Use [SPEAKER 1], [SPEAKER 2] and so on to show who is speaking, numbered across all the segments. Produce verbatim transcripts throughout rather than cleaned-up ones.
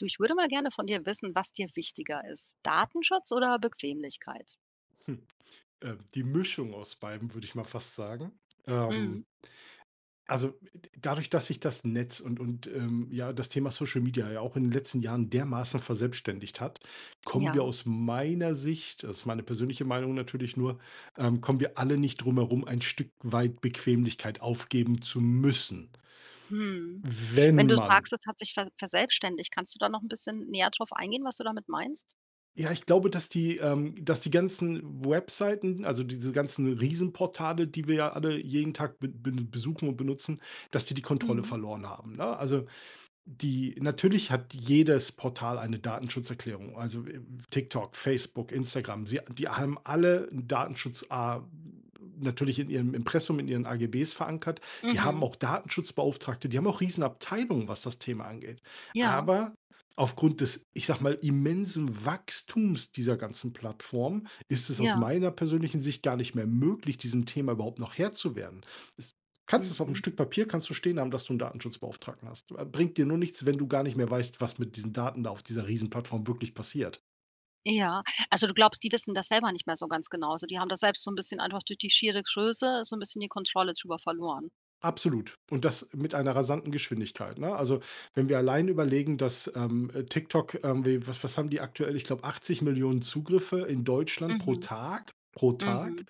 [SPEAKER 1] Du, ich würde mal gerne von dir wissen, was dir wichtiger ist, Datenschutz oder Bequemlichkeit?
[SPEAKER 2] Ähm, die Mischung aus beidem würde ich mal fast sagen,
[SPEAKER 1] Mhm.
[SPEAKER 2] ähm Also, d dadurch dass sich das Netz und und, ähm, ja, das Thema Social Media ja auch in den letzten Jahren dermaßen verselbstständigt hat, kommen wir
[SPEAKER 1] Ja.
[SPEAKER 2] aus meiner Sicht also, das ist meine persönliche Meinung natürlich nur, ähm, kommen wir alle nicht drum herum, ein Stück weit Bequemlichkeit aufgeben zu müssen.
[SPEAKER 1] Mhm,
[SPEAKER 2] W
[SPEAKER 1] wenn
[SPEAKER 2] wenn
[SPEAKER 1] du
[SPEAKER 2] man
[SPEAKER 1] sagst, es hat sich ver verselbstständigt, kannst du da noch 'n bisschen näher drauf eingehen, was du damit meinst?
[SPEAKER 2] Ja, ich glaube, dass die, ähm dass die ganzen Webseiten, also diese ganzen Riesenportale, die wir ja alle jeden Tag b b besuchen und benutzen, dass die die Kontrolle
[SPEAKER 1] Mhm.
[SPEAKER 2] verloren haben, ne? Also, die natürlich hat jedes Portal eine Datenschutzerklärung, also, äh, TikTok, Facebook, Instagram. Sie die haben alle 'n Datenschutza natürlich in ihrem Impressum, in ihren AGBs verankert. Die haben
[SPEAKER 1] Mhm.
[SPEAKER 2] auch Datenschutzbeauftragte, die haben auch Riesenabteilungen, was das Thema angeht.
[SPEAKER 1] Ja.
[SPEAKER 2] Aber aufgrund des, ich sage mal, immensen Wachstums dieser ganzen Plattform, ist es aus
[SPEAKER 1] Ja.
[SPEAKER 2] meiner persönlichen Sicht gar nicht mehr möglich, diesem Thema überhaupt noch Herr zu werden. Es kannst es auf 'nem
[SPEAKER 1] Mhm.
[SPEAKER 2] Stück Papier kannst du stehen haben, dass du 'n Datenschutzbeauftragten hast. Äh, bringt dir nur nichts, wenn du gar nicht mehr weißt, was mit diesen Daten da auf dieser Riesenplattform wirklich passiert.
[SPEAKER 1] Ja, also du glaubst, die wissen das selber nicht mehr so ganz genau, so. Die haben da selbst so 'n bisschen einfach durch die schiere Größe so 'n bisschen die Kontrolle drüber verloren.
[SPEAKER 2] Absolut. und das mit einer rasanten Geschwindigkeit, ne? Also, wenn wir allein überlegen, dass, ähm, äh, TikTok, ähm, wie was was haben die aktuell? Ich glaube, achtzig Millionen Zugriffe in Deutschland pro
[SPEAKER 1] Mhm.
[SPEAKER 2] Tag pro Tag.
[SPEAKER 1] Mhm.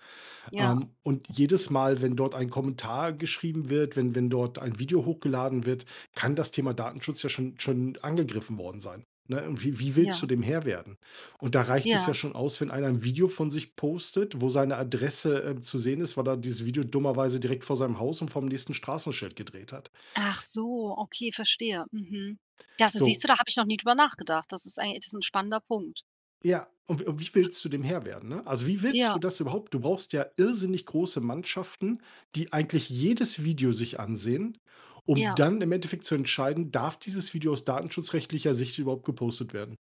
[SPEAKER 1] Ja.
[SPEAKER 2] Ähm, und jedes Mal, wenn dort ein Kommentar geschrieben wird, wenn wenn dort ein Video hochgeladen wird, kann das Thema Datenschutz ja schon schon angegriffen worden sein, ne? Und wie wie willst du
[SPEAKER 1] Ja.
[SPEAKER 2] dem Herr werden? Und da reicht es
[SPEAKER 1] Ja.
[SPEAKER 2] ja schon aus, wenn einer 'n Video von sich postet, wo seine Adresse, äh, zu sehen ist, weil er dieses Video dummerweise direkt vor seinem Haus und vorm nächsten Straßenschild gedreht hat.
[SPEAKER 1] Ach so, okay, verstehe. Mhm. Das siehst du,
[SPEAKER 2] So.
[SPEAKER 1] da habe ich noch nie drüber nachgedacht. Das ist eigen das ist 'n spannender Punkt.
[SPEAKER 2] Ja, und w wie willst du dem Herr werden, ne? Also, wie willst
[SPEAKER 1] Ja.
[SPEAKER 2] du das überhaupt du brauchst ja irrsinnig große Mannschaften, die eigentlich jedes Video sich ansehen, um
[SPEAKER 1] Ja.
[SPEAKER 2] dann im Endeffekt zu entscheiden, darf dieses Video aus datenschutzrechtlicher Sicht überhaupt gepostet werden?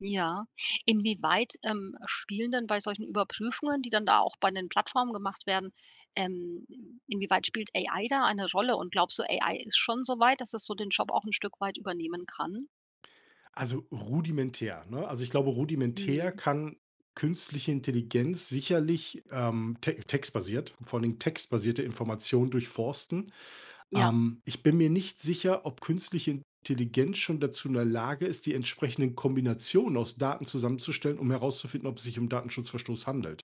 [SPEAKER 1] Ja. Inwieweit, ähm, spielen dann bei solchen Überprüfungen, die dann da auch bei den Plattformen gemacht werden ähm, inwieweit spielt AI da eine Rolle und glaubst du, AI ist schon soweit, dass es so den Job auch 'n Stück weit übernehmen kann?
[SPEAKER 2] Also, rudimentär, ne? Also, ich glaube rudimentär
[SPEAKER 1] Mhm.
[SPEAKER 2] kann künstliche Intelligenz sicherlich, ähm, te textbasiert vor allen Dingen textbasierte Informationen durchforsten,
[SPEAKER 1] Ja.
[SPEAKER 2] ähm, ich bin mir nicht sicher, ob künstliche Intelligenz schon dazu in der Lage ist, die entsprechenden Kombinationen aus Daten zusammenzustellen, um herauszufinden, ob es sich um Datenschutzverstoß Verstoß handelt.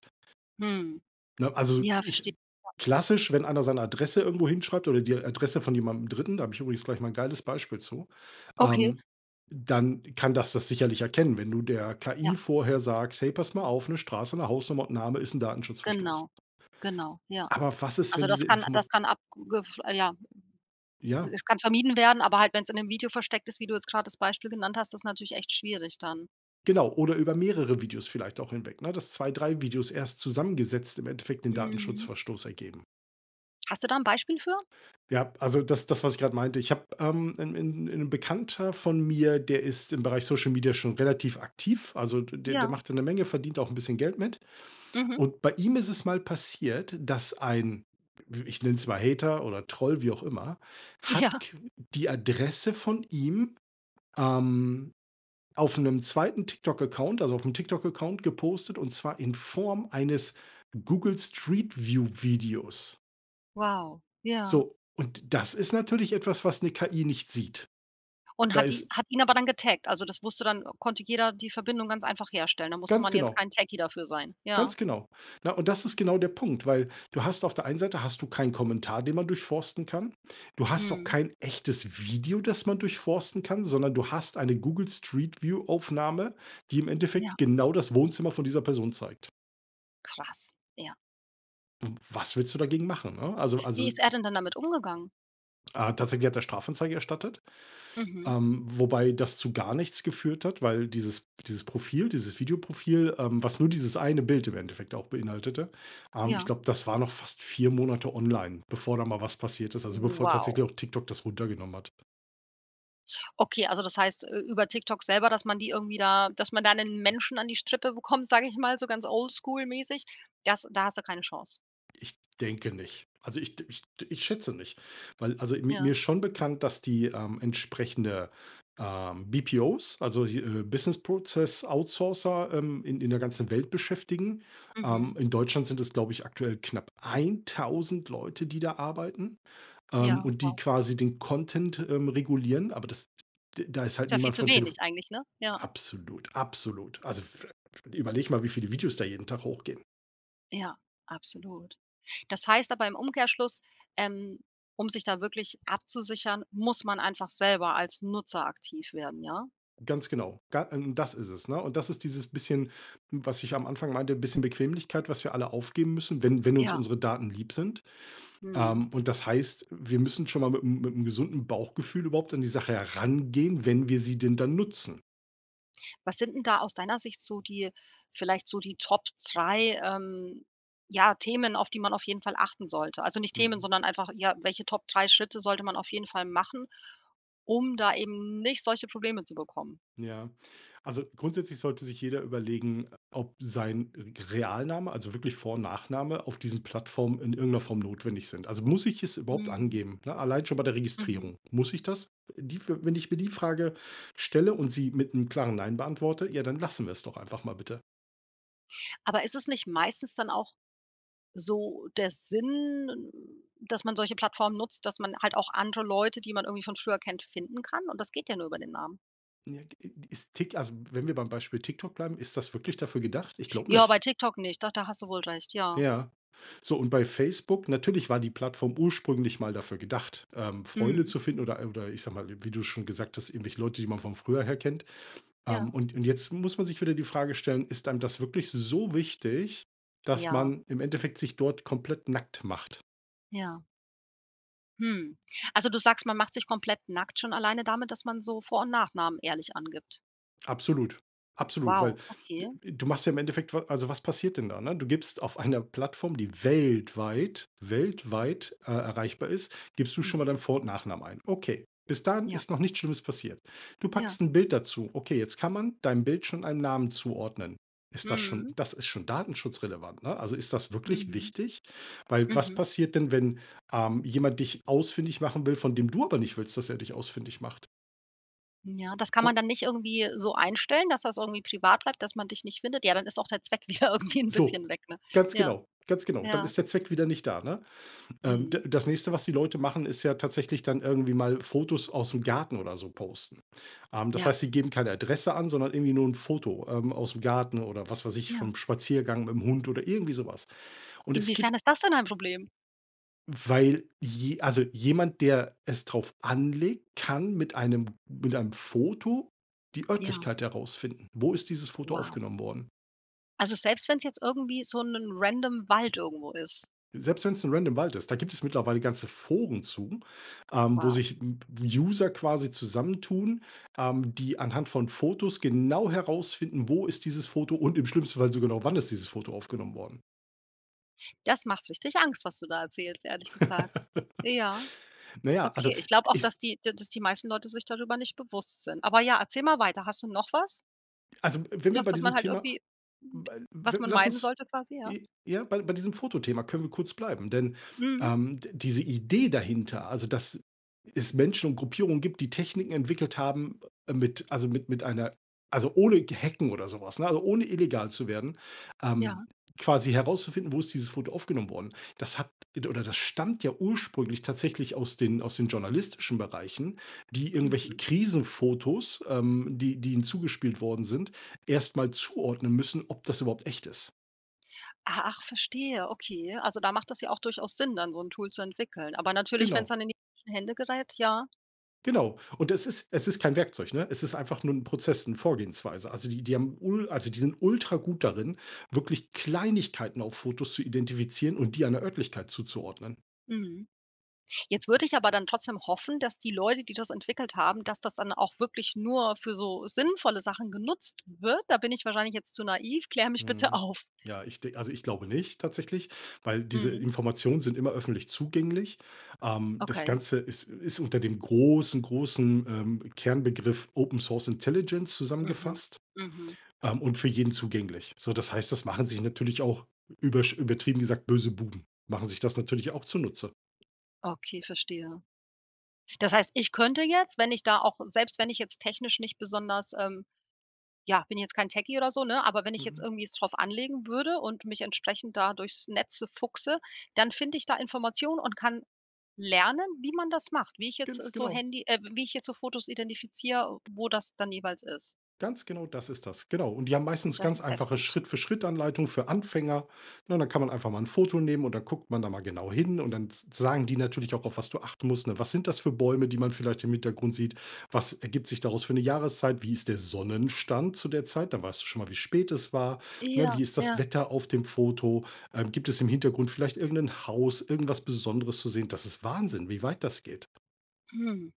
[SPEAKER 1] Hm,
[SPEAKER 2] Ne? Also,
[SPEAKER 1] ja verstehe
[SPEAKER 2] ich
[SPEAKER 1] ja.
[SPEAKER 2] klassisch, wenn einer seine Adresse irgendwo hinschreibt oder die Adresse von jemandem Dritten da habe ich übrigens gleich mal 'n geiles Beispiel zu,
[SPEAKER 1] Okay.
[SPEAKER 2] ähm, dann kann dass das sicherlich erkennen, wenn du der
[SPEAKER 1] Ja.
[SPEAKER 2] KI vorher sagst: „Hey, pass mal auf, 'ne Straße, 'ne Hausnummer und n' Name ist 'n Datenschutzverstoß."
[SPEAKER 1] Genau. Genau. Ja.
[SPEAKER 2] Aber was ist, wenn
[SPEAKER 1] Also
[SPEAKER 2] diese
[SPEAKER 1] das kann
[SPEAKER 2] Informa
[SPEAKER 1] das kann ab Google f ja.
[SPEAKER 2] ja.
[SPEAKER 1] Es kann vermieden werden, aber halt, wenn's in 'nem Video versteckt ist, wie du jetzt gerade das Beispiel genannt hast, das ist natürlich echt schwierig dann.
[SPEAKER 2] Genau oder über mehrere Videos vielleicht auch hinweg, ne, dass zwei, drei Videos erst zusammengesetzt im Endeffekt den
[SPEAKER 1] Mhm.
[SPEAKER 2] Datenschutzverstoß ergeben.
[SPEAKER 1] Hast du da 'n Beispiel für?
[SPEAKER 2] Ja, also das das, was ich gerade meinte, ich habe, ähm 'n 'n 'n Bekannter von mir, der ist im Bereich Social-Media schon relativ aktiv. Also, d der
[SPEAKER 1] Ja.
[SPEAKER 2] macht da 'ne Menge, verdient auch 'n bisschen Geld mit.
[SPEAKER 1] Mhm.
[SPEAKER 2] Und bei ihm ist es mal passiert, dass ein w ich nenn's mal Hater oder Troll, wie auch immer, hat
[SPEAKER 1] Ja.
[SPEAKER 2] qu die Adresse von ihm, ähm, auf 'nem zweiten TikTok Account also auf 'nem TikTok Account gepostet und zwar in Form eines Google Street View Videos.
[SPEAKER 1] Wow, ja.
[SPEAKER 2] So, und das ist natürlich etwas, was 'ne KI nicht sieht.
[SPEAKER 1] Und
[SPEAKER 2] Da
[SPEAKER 1] hat die
[SPEAKER 2] ist
[SPEAKER 1] hat ihn aber dann getaggt. Also, das wusste dann, äh konnte jeder die Verbindung ganz einfach herstellen. Da musste
[SPEAKER 2] Ganz
[SPEAKER 1] man jetzt
[SPEAKER 2] genau.
[SPEAKER 1] kein Techie dafür sein, ja.
[SPEAKER 2] Ganz genau. Na, und das ist genau der Punkt, weil du hast auf der einen Seite hast du keinen Kommentar, den man durchforsten kann. Du hast auch
[SPEAKER 1] Mhm.
[SPEAKER 2] kein echtes Video, das man durchforsten kann, sondern du hast eine Google Street View Aufnahme, die im
[SPEAKER 1] Ja.
[SPEAKER 2] Endeffekt genau das Wohnzimmer von dieser Person zeigt.
[SPEAKER 1] Krass, ja.
[SPEAKER 2] W was willst du dagegen machen, ne? Also
[SPEAKER 1] Wie
[SPEAKER 2] also
[SPEAKER 1] ist er denn dann damit umgegangen?
[SPEAKER 2] Ah, tatsächlich hat er Strafanzeige erstattet,
[SPEAKER 1] Mhm.
[SPEAKER 2] ähm, wobei das zu gar nichts geführt hat, weil dieses dieses Profil dieses Videoprofil, ähm, was nur dieses eine Bild im Endeffekt auch beinhaltete, ähm, ich
[SPEAKER 1] Ja.
[SPEAKER 2] glaube, das war noch fast vier Monate online, bevor da mal was passiert ist, also, bevor
[SPEAKER 1] Wow.
[SPEAKER 2] tatsächlich auch TikTok das runtergenommen hat.
[SPEAKER 1] Okay, also, das heißt ü über TikTok selber, dass man die irgendwie da dass man da 'nen Menschen an die Strippe bekommt, sage ich mal so ganz oldschool-mäßig, das da hast du keine Chance?
[SPEAKER 2] Ich denke nicht. Also ich d ich d ich schätze nicht, weil also mi
[SPEAKER 1] Ja.
[SPEAKER 2] mir ist schon bekannt, dass die, ähm, entsprechende, ähm, BPOs, also, hi äh, Business Process Outsourcer, ähm, in in der ganzen Welt beschäftigen. Ähm,
[SPEAKER 1] Mhm.
[SPEAKER 2] in Deutschland sind es glaube ich aktuell knapp eintausend Leute, die da arbeiten, ähm,
[SPEAKER 1] Ja,
[SPEAKER 2] und die
[SPEAKER 1] wow.
[SPEAKER 2] quasi den Content, ähm, regulieren, aber das d da ist
[SPEAKER 1] Ist
[SPEAKER 2] halt
[SPEAKER 1] ja viel
[SPEAKER 2] niemand
[SPEAKER 1] zu
[SPEAKER 2] von Telefo
[SPEAKER 1] wenig eigentlich, ne? Ja.
[SPEAKER 2] absolut, absolut. Also f überlege mal, wie viele Videos da jeden Tag hochgehen.
[SPEAKER 1] Ja, absolut. Das heißt aber im Umkehrschluss, ähm, um sich da wirklich abzusichern, muss man einfach selber als Nutzer aktiv werden, ja?
[SPEAKER 2] Ganz genau. Ga äh, das ist es, ne? Und das ist dieses bisschen, hm, was ich am Anfang meinte, bisschen Bequemlichkeit, was wir alle aufgeben müssen, wenn wenn uns
[SPEAKER 1] Ja.
[SPEAKER 2] unsere Daten lieb sind,
[SPEAKER 1] Mhm.
[SPEAKER 2] ähm, und das heißt, wir müssen schonmal mit 'm mit 'm gesunden Bauchgefühl überhaupt an die Sache herangehen, wenn wir sie denn dann nutzen.
[SPEAKER 1] Was sind denn da aus deiner Sicht so die vielleicht so die Top drei, ähm, ja Themen, auf die man auf jeden Fall achten sollte? Also nicht Themen,
[SPEAKER 2] Mhm.
[SPEAKER 1] sondern einfach ja, welche Top drei Schritte sollte man auf jeden Fall machen, um da eben nicht solche Probleme zu bekommen?
[SPEAKER 2] Ja. Also grundsätzlich sollte sich jeder überlegen, ob sein g Realname, also wirklich Vor und Nachname auf diesen Plattformen in irgend 'ner Form notwendig sind. Also muss ich es überhaupt
[SPEAKER 1] Mhm.
[SPEAKER 2] angeben, ne? Allein schon bei der
[SPEAKER 1] Mhm.
[SPEAKER 2] Registrierung. Muss ich das, äh die für, wenn ich mir die Frage stelle und sie mit 'nem klaren: „Nein“ beantworte, ja, dann lassen wir's doch einfach mal bitte.
[SPEAKER 1] Aber ist es nicht meistens dann auch so der Sinn, dass man solche Plattformen nutzt, dass man halt auch andere Leute, die man irgendwie von früher kennt, finden kann? Und das geht ja nur über den Namen.
[SPEAKER 2] Ja, g ist, Tik also, wenn wir beim Beispiel TikTok bleiben, ist das wirklich dafür gedacht? Ich glaube
[SPEAKER 1] Ja, bei
[SPEAKER 2] nicht.
[SPEAKER 1] TikTok nicht. Doch, da hast du wohl recht. Ja.
[SPEAKER 2] Ja. So und bei Facebook natürlich war die Plattform ursprünglich mal dafür gedacht, ähm, Freunde
[SPEAKER 1] Mhm.
[SPEAKER 2] zu finden oder oder ich sage mal, wie du's schon gesagt hast, irgendwelche Leute, die man von früher her kennt.
[SPEAKER 1] Ja.
[SPEAKER 2] Ähm, und und jetzt muss man sich wieder die Frage stellen, ist einem das wirklich so wichtig, dass
[SPEAKER 1] Ja.
[SPEAKER 2] man im Endeffekt sich dort komplett nackt macht?
[SPEAKER 1] Ja. Hm. Also, du sagst, man macht sich komplett nackt schon alleine damit, dass man so Vor und Nachnamen ehrlich angibt?
[SPEAKER 2] Absolut. Absolut, weil
[SPEAKER 1] Wow,
[SPEAKER 2] d
[SPEAKER 1] okay.
[SPEAKER 2] du machst ja im Endeffekt wa also, was passiert denn da, ne? Du gibst auf einer Plattform, die weltweit, weltweit, äh, erreichbar ist gibst du schon mal deinen
[SPEAKER 1] Mhm.
[SPEAKER 2] Vor und Nachnamen ein, okay. Bis dahin
[SPEAKER 1] Ja.
[SPEAKER 2] ist noch nichts Schlimmes passiert. Du
[SPEAKER 1] Ja.
[SPEAKER 2] packst 'n Bild dazu. Okay, jetzt kann man deinem Bild schon einen Namen zuordnen. Ist das schon
[SPEAKER 1] Mhm.
[SPEAKER 2] das ist schon datenschutzrelevant, ne? Also, ist das wirklich
[SPEAKER 1] Mhm.
[SPEAKER 2] wichtig? Weil was
[SPEAKER 1] Mhm.
[SPEAKER 2] passiert denn wenn, ähm, jemand dich ausfindig machen will, von dem du aber nicht willst, dass er dich ausfindig macht?
[SPEAKER 1] Hm, ja, das kann man
[SPEAKER 2] O
[SPEAKER 1] dann nicht irgendwie so einstellen, dass das irgendwie privat bleibt, dass man dich nicht findet? Ja, dann ist auch der Zweck wieder irgendwie 'n
[SPEAKER 2] So
[SPEAKER 1] bisschen weg, ne?
[SPEAKER 2] Ganz
[SPEAKER 1] Ja.
[SPEAKER 2] genau. Ganz genau. Dann
[SPEAKER 1] Ja.
[SPEAKER 2] ist der Zweck wieder nicht da, ne? Ähm, d
[SPEAKER 1] Mhm.
[SPEAKER 2] das nächste, was die Leute machen, ist ja tatsächlich dann irgendwie mal Fotos ausm Garten oder so posten. Ähm, das
[SPEAKER 1] Ja.
[SPEAKER 2] heißt, sie geben keine Adresse an, sondern irgendwie nur 'n Foto, ähm, ausm Garten oder was weiß ich,
[SPEAKER 1] Ja.
[SPEAKER 2] vom Spaziergang mit 'm Hund oder irgendwie so was. Und es gib
[SPEAKER 1] Inwiefern ist das denn ein Problem?
[SPEAKER 2] Weil je also jemand, der es drauf anlegt, kann mit einem mit einem Foto die
[SPEAKER 1] Ja.
[SPEAKER 2] Örtlichkeit herausfinden. Wo ist dieses Foto
[SPEAKER 1] Wow.
[SPEAKER 2] aufgenommen worden?
[SPEAKER 1] Also selbst wenn's jetzt irgendwie so`nen random Wald irgendwo ist?
[SPEAKER 2] Selbst wenn's 'n random Wald ist, da gibt es mittlerweile ganze Foren zu, ähm, wo
[SPEAKER 1] Wow.
[SPEAKER 2] sich w User quasi zusammentun, ähm, die anhand von Fotos genau herausfinden, wo ist dieses Foto, und im schlimmsten Fall sogar noch wann ist dieses Foto aufgenommen worden.
[SPEAKER 1] Das macht richtig Angst, was du da erzählst, ehrlich gesagt. Ja.
[SPEAKER 2] Na ja, also
[SPEAKER 1] Okay, ich glaube auch, dass
[SPEAKER 2] ist
[SPEAKER 1] die dass die meisten Leute sich darüber nicht bewusst sind. Aber ja, erzähl mal weiter. Hast du noch was?
[SPEAKER 2] Also w wenn wir
[SPEAKER 1] Was,
[SPEAKER 2] bei
[SPEAKER 1] was
[SPEAKER 2] diesem
[SPEAKER 1] man halt
[SPEAKER 2] Thema
[SPEAKER 1] irgendwie
[SPEAKER 2] weil w
[SPEAKER 1] was man
[SPEAKER 2] lass
[SPEAKER 1] meiden
[SPEAKER 2] uns
[SPEAKER 1] sollte quasi, ja?
[SPEAKER 2] j ja, bei bei diesem Fotothema können wir kurz bleiben, denn,
[SPEAKER 1] Mhm.
[SPEAKER 2] ähm, d diese Idee dahinter, also dass es Menschen und Gruppierungen gibt, die Techniken entwickelt haben, ähm, mit also mit mit einer also ohne g Hacken oder so was, ne, also ohne illegal zu werden, ähm,
[SPEAKER 1] Ja.
[SPEAKER 2] quasi herauszufinden, wo ist dieses Foto aufgenommen worden? Das hat od oder das stammt ja ursprünglich tatsächlich aus den aus den journalistischen Bereichen, die irgendwelche
[SPEAKER 1] Mhm.
[SPEAKER 2] Krisenfotos, ähm, die die ihnen zugespielt worden sind, erst mal zuordnen müssen, ob das überhaupt echt ist.
[SPEAKER 1] Ah, ach, verstehe, okay. Also, da macht das ja auch durchaus Sinn, dann so 'n Tool zu entwickeln, aber natürlich, wenn's
[SPEAKER 2] Genau.
[SPEAKER 1] dann in die falschen Hände gerät, ja.
[SPEAKER 2] Genau. Und es ist es ist kein Werkzeug, ne? Es ist einfach nur 'n Prozess, 'ne Vorgehensweise. Also die die haben ul also die sind ultragut darin, wirklich Kleinigkeiten auf Fotos zu identifizieren und die einer Örtlichkeit zuzuordnen.
[SPEAKER 1] Mhm. Jetzt würde ich aber dann trotzdem hoffen, dass die Leute, die das entwickelt haben dass das dann auch wirklich nur für so sinnvolle Sachen genutzt wird. Da bin ich wahrscheinlich jetzt zu naiv, kläre mich bitte
[SPEAKER 2] Mhm.
[SPEAKER 1] auf.
[SPEAKER 2] Ja, ich de also ich glaube nicht, tatsächlich, weil diese
[SPEAKER 1] Mhm.
[SPEAKER 2] Informationen sind immer öffentlich zugänglich. Ähm, das
[SPEAKER 1] Okay.
[SPEAKER 2] Ganze ist ist unter dem großen, großen, ähm, Kernbegriff Open Source Intelligence
[SPEAKER 1] Mhm,
[SPEAKER 2] zusammengefasst,
[SPEAKER 1] mhm.
[SPEAKER 2] ähm, und für jeden zugänglich. So, das heißt, das machen sich natürlich auch übersch übertrieben gesagt böse Buben, machen sich das natürlich auch zunutze.
[SPEAKER 1] Okay, verstehe. Das heißt, ich könnte jetzt, wenn ich da auch selbst wenn ich jetzt technisch nicht besonders, ähm, ja bin ich jetzt kein Techie oder so, ne, aber wenn ich jetzt
[SPEAKER 2] Mhm.
[SPEAKER 1] irgendwie jetzt es drauf anlegen würde und mich entsprechend da durchs Netze fuchse, dann finde ich da Informationen und kann lernen, wie man das macht, wie ich jetzt
[SPEAKER 2] Ganz
[SPEAKER 1] so
[SPEAKER 2] genau.
[SPEAKER 1] Handy, äh wie ich jetzt so Fotos identifiziere, wo das dann jeweils ist.
[SPEAKER 2] Ganz genau, das ist das, genau. Und die haben meistens
[SPEAKER 1] Das
[SPEAKER 2] ganz
[SPEAKER 1] ist
[SPEAKER 2] einfache
[SPEAKER 1] heftig.
[SPEAKER 2] Schritt-für-Schritt-Anleitung für Anfänger, ne? Und dann kann man einfach mal 'n Foto nehmen und dann guckt man da mal genau hin und dann s sagen die natürlich auch, auf was du achten musst, ne? Was sind das für Bäume, die man vielleicht im Hintergrund sieht? Was ergibt sich daraus für 'ne Jahreszeit? Wie ist der Sonnenstand zu der Zeit? Da weißt du schon mal, wie spät es war, ne?
[SPEAKER 1] Ja,
[SPEAKER 2] Wie ist das
[SPEAKER 1] ja.
[SPEAKER 2] Wetter auf dem Foto? Ähm, gibt es im Hintergrund vielleicht irgen 'nen Haus, irgendwas Besonderes zu sehen? Das ist Wahnsinn, wie weit das geht.
[SPEAKER 1] Hm.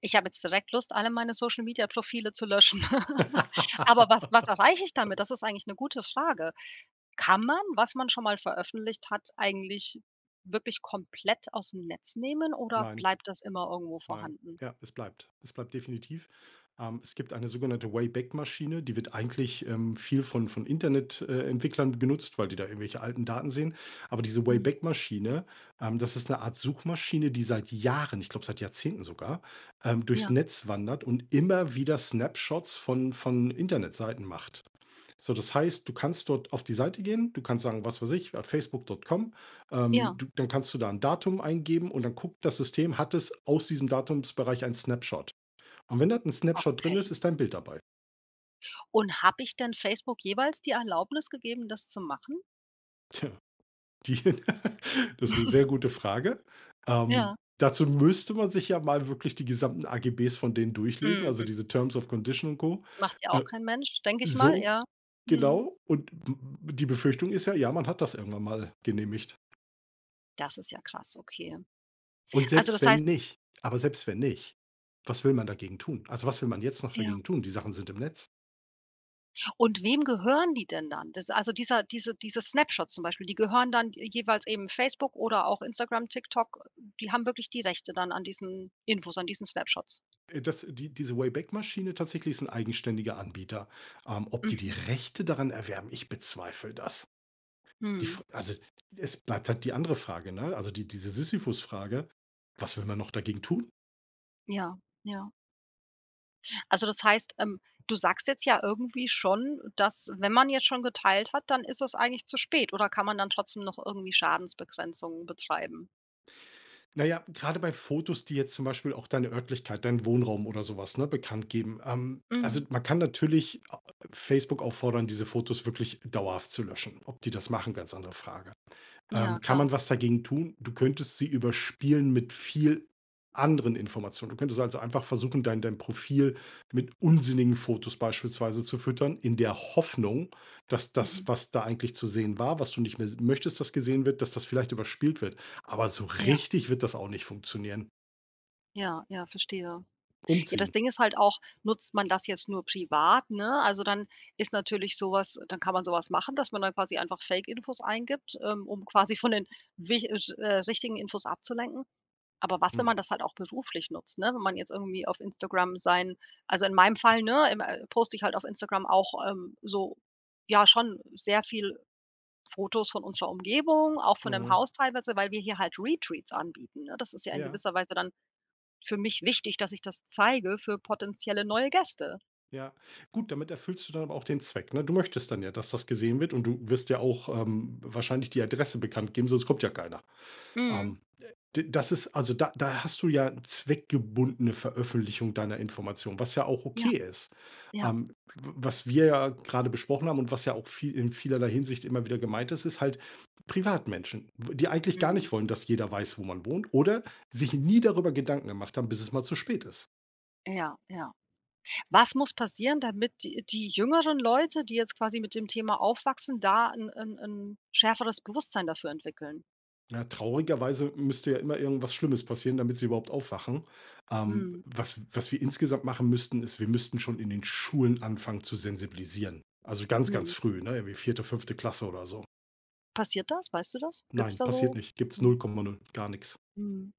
[SPEAKER 1] Ich habe jetzt direkt Lust, alle meine Social Media Profile zu löschen aber was was erreiche ich damit? Das ist eigentlich 'ne gute Frage. Kann man, was man schon mal veröffentlicht hat, eigentlich wirklich komplett ausm Netz nehmen oder
[SPEAKER 2] Nein.
[SPEAKER 1] bleibt das immer irgendwo
[SPEAKER 2] Nein.
[SPEAKER 1] vorhanden?
[SPEAKER 2] Ja, es bleibt. Es bleibt definitiv. Ähm, es gibt eine sogenannte Wayback-Maschine, die wird eigentlich, ähm, viel von von Internet äh, Entwicklern genutzt, weil die da irgendwelche alten Daten sehen, aber diese
[SPEAKER 1] Mhm.
[SPEAKER 2] Wayback-Maschine, ähm, das ist 'ne Art Suchmaschine, die seit Jahren, ich glaube seit Jahrzehnten sogar, ähm, durchs
[SPEAKER 1] Ja.
[SPEAKER 2] Netz wandert und immer wieder Snapshots von von Internetseiten macht. So, das heißt, du kannst dort auf die Seite gehen. Du kannst sagen, was weiß ich, ja, Facebook.com
[SPEAKER 1] Ja.
[SPEAKER 2] ähm,
[SPEAKER 1] Ja.
[SPEAKER 2] du dann kannst du da 'n Datum eingeben und dann guckt das System, hat es aus diesem Datumsbereich einen Snapshot. Und wenn da 'n Snapshot drin
[SPEAKER 1] Okay.
[SPEAKER 2] ist, ist dein Bild dabei.
[SPEAKER 1] Und habe ich denn Facebook jeweils die Erlaubnis gegeben, das zu machen?
[SPEAKER 2] Tja. Die das ist 'ne sehr gute Frage. Ähm,
[SPEAKER 1] Ja.
[SPEAKER 2] dazu müsste man sich ja mal wirklich die gesamten AGB von denen durchlesen, also
[SPEAKER 1] Mhm.
[SPEAKER 2] diese terms of Condition und Co.
[SPEAKER 1] Macht ja auch kein Mensch, denke ich mal,
[SPEAKER 2] So,
[SPEAKER 1] ja. Mhm.
[SPEAKER 2] genau und d die Befürchtung ist ja, ja, man hat das irgendwann mal genehmigt.
[SPEAKER 1] Das ist ja krass, okay.
[SPEAKER 2] Und
[SPEAKER 1] Also
[SPEAKER 2] selbst
[SPEAKER 1] das
[SPEAKER 2] wenn
[SPEAKER 1] heißt
[SPEAKER 2] nicht aber selbst wenn nicht, was will man dagegen tun? Also, was will man jetzt noch
[SPEAKER 1] Ja.
[SPEAKER 2] dagegen tun? Die Sachen sind im Netz.
[SPEAKER 1] Und wem gehören die denn dann? Das also dieser diese dieses Snapshot zum Beispiel, die gehören dann d jeweils eben Facebook oder auch Instagram, TikTok, die haben wirklich die Rechte dann an diesen Infos, an diesen Snapshots.
[SPEAKER 2] Äh, das die diese Wayback-Maschine tatsächlich ist 'n eigenständiger Anbieter. Ähm, ob die
[SPEAKER 1] Mhm.
[SPEAKER 2] Rechte daran erwerben, ich bezweifle das. Die
[SPEAKER 1] Mhm.
[SPEAKER 2] f also es bleibt halt die andere Frage, ne, also die diese Sisyphus-Frage: „Was will man noch dagegen tun?“
[SPEAKER 1] Ja, ja. Also das heißt ähm, du sagst jetzt ja irgendwie schon, dass „wenn man jetzt schon geteilt hat, dann ist es eigentlich zu spät“, oder kann man dann trotzdem noch irgendwie Schadensbegrenzung betreiben?
[SPEAKER 2] Na ja, grade bei Fotos, die jetzt zum Beispiel auch deine Örtlichkeit, deinen Wohnraum oder so was, ne, bekanntgeben. Ähm, also
[SPEAKER 1] Mhm.
[SPEAKER 2] man kann natürlich a a a Facebook auffordern, diese Fotos wirklich dauerhaft zu löschen, ob die das machen, ganz andere Frage.
[SPEAKER 1] Ja,
[SPEAKER 2] Ähm, kann
[SPEAKER 1] klar.
[SPEAKER 2] man was dagegen tun? Du könntest sie überspielen mit viel anderen Informationen. Du könntest also einfach versuchen, dein dein Profil mit unsinnigen Fotos beispielsweise zu füttern, in der Hoffnung, dass das,
[SPEAKER 1] Mhm.
[SPEAKER 2] was da eigentlich zu sehen war, was du nicht mehr s möchtest, das gesehen wird, dass das vielleicht überspielt wird, aber so
[SPEAKER 1] Ja.
[SPEAKER 2] richtig wird das auch nicht funktionieren.
[SPEAKER 1] Ja, ja, verstehe. Ja, das
[SPEAKER 2] Umziehen.
[SPEAKER 1] Ding ist halt auch, nutzt man das jetzt nur privat, ne? Also dann ist natürlich so was äh, dann kann man so was machen, dass man da quasi einfach Fake Infos eingibt, ähm, um quasi von den wicht äh, sch äh, richtigen Infos abzulenken. Aber was, wenn
[SPEAKER 2] Mhm.
[SPEAKER 1] man das halt auch beruflich nutzt, ne? Wenn man jetzt irgendwie auf Instagram sein also in meinem Fall, ne, ähm, äh, poste ich halt auf Instagram auch, ähm, so ja schon sehr viel Fotos von unserer Umgebung, auch von dem
[SPEAKER 2] Mhm.
[SPEAKER 1] Haus teilweise, weil wir hier halt Retreats anbieten. Ne, das ist ja in
[SPEAKER 2] Ja.
[SPEAKER 1] gewisser Weise dann für mich wichtig, dass ich das zeige für potenzielle neue Gäste.
[SPEAKER 2] Ja. Gut, damit erfüllst du dann aber auch den Zweck, ne? Du möchtest dann ja, dass das gesehen wird und du wirst ja auch, ähm, wahrscheinlich die Adresse bekannt geben, sonst kommt ja keiner.
[SPEAKER 1] Mhm.
[SPEAKER 2] Ähm, d das ist also da da hast du ja zweckgebundene Veröffentlichung deiner Information, was ja auch
[SPEAKER 1] Ja.
[SPEAKER 2] okay ist.
[SPEAKER 1] Ja.
[SPEAKER 2] Ähm, w was wir ja grade besprochen haben und was ja auch viel in vielerlei Hinsicht immer wieder gemeint ist, ist halt Privatmenschen, w die eigentlich gar
[SPEAKER 1] Mhm.
[SPEAKER 2] nicht wollen, dass jeder weiß, wo man wohnt oder sich nie darüber Gedanken gemacht haben, bis es mal zu spät ist.
[SPEAKER 1] Ja, ja. Was muss passieren, damit die die jüngeren Leute, die jetzt quasi mit dem Thema aufwachsen, da 'n 'n 'n schärferes Bewusstsein dafür entwickeln?
[SPEAKER 2] Ja, traurigerweise müsste ja immer irgendwas Schlimmes passieren, damit sie überhaupt aufwachen. Ähm,
[SPEAKER 1] Mhm.
[SPEAKER 2] was was wir insgesamt machen müssten, ist, wir müssten schon in den Schulen anfangen zu sensibilisieren. Also ganz, ganz
[SPEAKER 1] Mhm.
[SPEAKER 2] früh, ne, irgendwie vierte, fünfte Klasse oder so.
[SPEAKER 1] Passiert das? Weißt du das? Gibt's
[SPEAKER 2] Nein,
[SPEAKER 1] da
[SPEAKER 2] passiert
[SPEAKER 1] so
[SPEAKER 2] nicht. Gibt's null
[SPEAKER 1] Mhm.
[SPEAKER 2] Komma null, gar nix.
[SPEAKER 1] Mhm.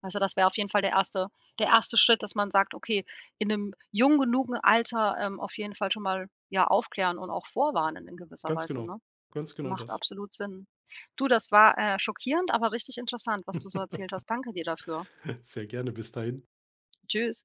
[SPEAKER 1] Weil so, das wäre auf jeden Fall der erste der erste Schritt, dass man sagt: „Okay, in 'nem jung genugen Alter, ähm, auf jeden Fall schon mal, ja, aufklären und auch vorwarnen in gewisser
[SPEAKER 2] Ganz
[SPEAKER 1] Weise“,
[SPEAKER 2] genau.
[SPEAKER 1] ne?
[SPEAKER 2] Ganz genau
[SPEAKER 1] Macht
[SPEAKER 2] das.
[SPEAKER 1] absolut Sinn. Du, das war, äh, schockierend, aber richtig interessant, was du so erzählt hast. Danke dir dafür.
[SPEAKER 2] Sehr gerne bis dahin.
[SPEAKER 1] Tschüss.